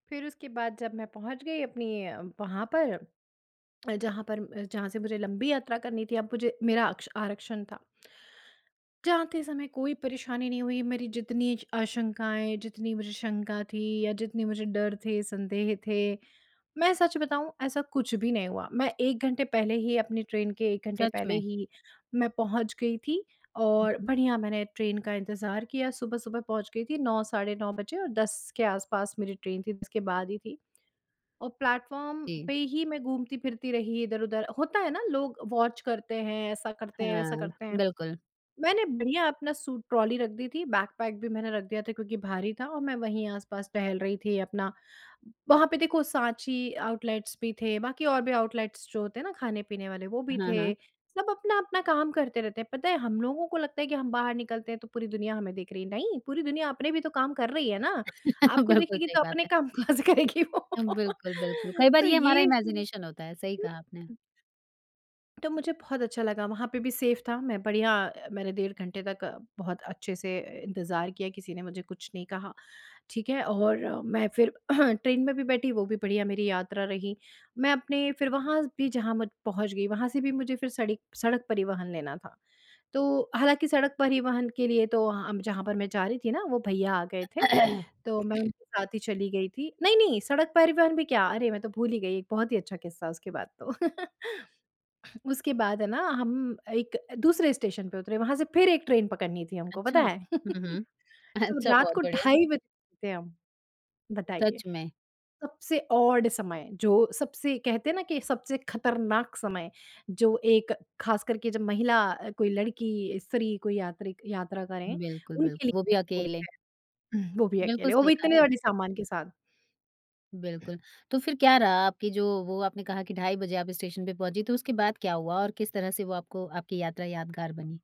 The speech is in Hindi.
फिर उसके बाद जब मैं पहुँच गई अपनी अ, वहाँ पर। अ, जहाँ पर म जहाँ से मुझे लंबी यात्रा करनी थी, अब मुझे मेरा आक्क्ष आरक्षण था। जाते समय कोई परेशानी नहीं हुई, मेरी जितनी स आशंकाएँ, जितनी मुझे शंका थी या जितने मुझे डर थे, संदेह थे। मैं सच बताऊँ ऐसा कुछ भी नहीं हुआ, मैं 1 घंटे पहले ही अपनी ट्रेन के 1 घंटे सच पहले में। ही मैं पहुँच गई थी हुँ, और हुँ। बढ़िया मैंने ट्रेन का इंतज़ार किया, सुबह-सुबह पहुँच गई थी 9 साढ़े 9 बजे और 10 के आस-पास मेरी ट्रेन थी, जिसके बाद ही थी। और प्लेटफ़ॉर्म जी। पे ही मैं घूमती-फिरती रही इधर-उधर, होता है ना, लोग वॉच करते हैं, ऐसा करते हैं, वैसा हाँ, करते हैं। बिल्कुल। मैंने बढ़िया अपना सूट ट्रॉली रख दी थी, बैगपैक भी मैंने रख दिया था क्योंकि भारी था और मैं वहीं आस-पास टहल रही थी अपना वहाँ पे देखो साँची आउटलेट्स भी थे, बाकी और भी आउटलेट्स जो होते हैं ना खाने-पीने वाले वो भी हाँ, थे। हाँ। सब अपना-अपना काम करते रहते हैं, पता है हम लोगों को लगता है कि हम बाहर निकलते हैं तो पूरी दुनिया हमें देख रही है, नहीं पूरी दुनिया अपने भी तो काम कर रही है ना, आपको बिल्कुल देखेगी सही तो बात अपने है। काम कहाँ से करेगी वो। अ, बिल्कुल, बिल्कुल कई बार तो ये हमारा ये हुँ। इमेजिनेशन होता है, सही हुँ, कहा आपने। हुँ। तो मुझे बहुत अच्छा लगा वहाँ पे भी सेफ था, मैं बढ़िया मैंने डेढ़ घंटे तक बहुत अच्छे से इंतज़ार किया किसी ने मुझे कुछ नहीं कहा। ठीक है? और मैं फिर ट्रेन में भी बैठी, वो भी बढ़िया मेरी यात्रा रही, मैं अपने फिर वहाँ ज भी जहाँ मु पहुँच गई, वहाँ से भी मुझे फिर सड़ी सड़क परिवहन लेना था। तो, हालाँकि सड़क परिवहन के लिए तो अ, जहाँ पर मैं जा रही थी ना वो भईया आ गए थे, तो मैं उनके साथ ही चली गई थी, नहीं, नहीं सड़क परिवहन भी क्या? अरे मैं तो भूल ही गई, एक बहुत ही अच्छा किस्सा उसके बाद तो। उसके बाद है ना हम एक दूसरे स्टेशन पे उतरे, वहाँ से फिर एक ट्रेन पकड़नी थी हमको पता अच्छा, है। हुँ, हुँ। तो अच्छा, रात बहुत को बढ़िया। ढाई बजे गए थे हम, बताइए? सच में। सबसे ऑड समय, जो सबसे कहते हैं ना कि सबसे खतरनाक समय, जो एक खास करके जब महिला, कोई लड़की, स्त्री कोई यात्री यात्रा करें, बिल्कुल, बिल्क उनके लिए वो भी बोलते अकेले। हैं हुँ, वो भी बिल्कुल, अकेले, वो सही भी कहा इतने आपने। बड़े सामान के साथ। बिल्कुल, तो फिर क्या रहा आपकी जो वो आपने कहा की ढाई बजे आप स्टेशन पे पहुँची, तो उसके बाद क्या हुआ? और किस तरह से वो आपको आपकी यात्रा यादगार बनी?